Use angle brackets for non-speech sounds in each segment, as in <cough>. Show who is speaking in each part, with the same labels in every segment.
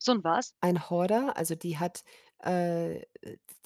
Speaker 1: So 'n was?
Speaker 2: Ein Horder, also, die hat, äh,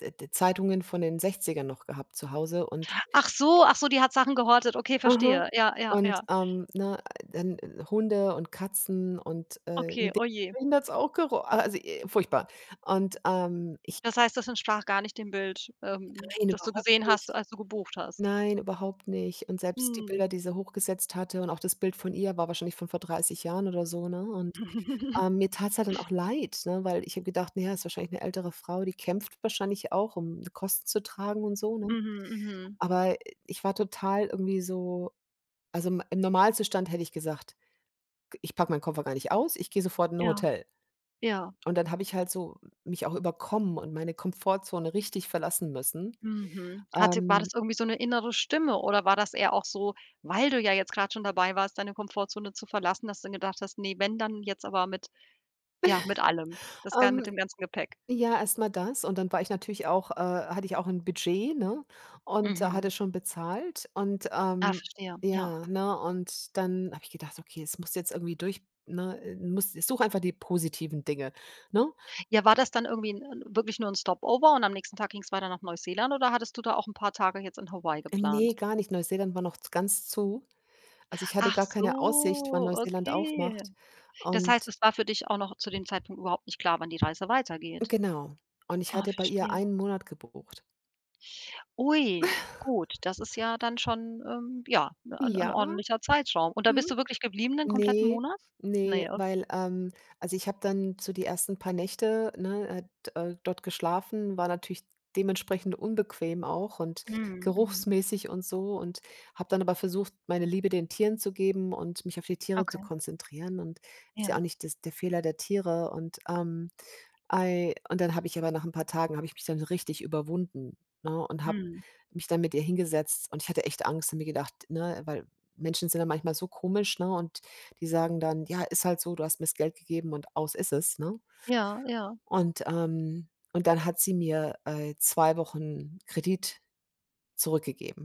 Speaker 2: d d Zeitungen von den 60ern noch gehabt zu Hause und
Speaker 1: Ach so, ach so, die hat Sachen gehortet, okay,
Speaker 2: Mhm.
Speaker 1: verstehe. Ja, ja,
Speaker 2: Und,
Speaker 1: ja.
Speaker 2: ähm, ne, dann Hunde und Katzen und, äh, in
Speaker 1: Okay,
Speaker 2: de
Speaker 1: oh je.
Speaker 2: Drinnen hat's auch gero a also, i furchtbar. Und, ähm, ich
Speaker 1: Das heißt, das entsprach gar nicht dem Bild, ähm,
Speaker 2: Nein,
Speaker 1: das du
Speaker 2: überhaupt
Speaker 1: gesehen hast,
Speaker 2: nicht.
Speaker 1: als du gebucht hast.
Speaker 2: Nein, überhaupt nicht. Und selbst die
Speaker 1: Mhm.
Speaker 2: Bilder, die sie hochgesetzt hatte und auch das Bild von ihr war wahrscheinlich von vor 30 Jahren oder so, ne? Und,
Speaker 1: <chuckles>
Speaker 2: äh, mir tat's halt dann auch leid, ne, weil ich habe gedacht, na ja, ist wahrscheinlich 'ne ältere Frau, die kämpft wahrscheinlich auch, um Kosten zu tragen und so, ne?
Speaker 1: Mhm, mhm.
Speaker 2: Aber ich war total irgendwie so also, im im Normalzustand hätte ich gesagt: „G ich packe meinen Koffer gar nicht aus, ich gehe sofort in 'n
Speaker 1: Ja.
Speaker 2: Hotel.“
Speaker 1: Ja.
Speaker 2: Und dann habe ich halt so mich auch überkommen und meine Komfortzone richtig verlassen müssen,
Speaker 1: Mhm. Hatte war
Speaker 2: ähm
Speaker 1: das irgendwie so 'ne innere Stimme oder war das eher auch so, weil du ja jetzt gerade schon dabei warst, deine Komfortzone zu verlassen, dass du dann gedacht hast: „Ne, wenn dann jetzt, aber mit ja, mit allem.
Speaker 2: <chuckles>
Speaker 1: Das ga mit
Speaker 2: Ähm,
Speaker 1: dem ganzen Gepäck.“?
Speaker 2: ja, erst mal das und dann war ich natürlich auch, äh hatte ich auch 'n Budget, ne, und
Speaker 1: Mhm.
Speaker 2: hatte schon bezahlt. Und,
Speaker 1: Ah,
Speaker 2: ähm,
Speaker 1: verstehe, ja.
Speaker 2: ja, ne, und dann habe ich gedacht: „Okay, das musst jetzt irgendwie durch ne, äh, musst such einfach die positiven Dinge.“, ne?
Speaker 1: Ja, war das dann irgendwie 'n 'n wirklich nur 'n Stop-over und am nächsten Tag ging's weiter nach Neuseeland oder hattest du da auch 'n paar Tage jetzt in Hawaii
Speaker 2: Ähm,
Speaker 1: geplant?
Speaker 2: ne, gar nicht, Neuseeland war noch z ganz zu. Also, ich hatte
Speaker 1: Ach
Speaker 2: gar keine Aussicht, wann
Speaker 1: so,
Speaker 2: Neuseeland
Speaker 1: okay.
Speaker 2: aufmacht
Speaker 1: Das heißt,
Speaker 2: und
Speaker 1: es war für dich auch noch zu dem Zeitpunkt überhaupt nicht klar, wann die Reise weitergeht.
Speaker 2: genau, und ich
Speaker 1: Oh,
Speaker 2: hatte bei ihr
Speaker 1: verstehe.
Speaker 2: 1 Monat gebucht.
Speaker 1: Ui,
Speaker 2: <chuckles>
Speaker 1: gut, das ist ja dann schon, ähm, ja, ’ne ’n
Speaker 2: Ja.
Speaker 1: ordentlicher Zeitraum. Und da
Speaker 2: Mhm.
Speaker 1: bist du wirklich geblieben den kompletten
Speaker 2: Ne,
Speaker 1: Monat?
Speaker 2: ne,
Speaker 1: Ne, okay.
Speaker 2: weil, ähm, also, ich habe dann so die 1. paar Nächte, ne, äh, d äh, dort geschlafen, war natürlich dementsprechend unbequem auch und
Speaker 1: Mhm, mhm.
Speaker 2: geruchsmäßig und so, und habe dann aber versucht, meine Liebe den Tieren zu geben und mich auf die Tiere zu
Speaker 1: Okay.
Speaker 2: konzentrieren, und ist ja auch
Speaker 1: Ja.
Speaker 2: nicht das der Fehler der Tiere und, ähm, ei und dann habe ich aber nach 'n paar Tagen habe ich mich dann so richtig überwunden, ne, und habe
Speaker 1: Mhm.
Speaker 2: mich dann mit ihr hingesetzt und ich hatte echt Angst und mir gedacht, ne, weil Menschen sind da manchmal so komisch, ne, und die sagen dann: „Ja, ist halt so, du hast mir's Geld gegeben.“ und aus ist es, ne?
Speaker 1: Ja, ja.
Speaker 2: Und, ähm und dann hat sie mir, äh, 2 Wochen Kredit zurückgegeben.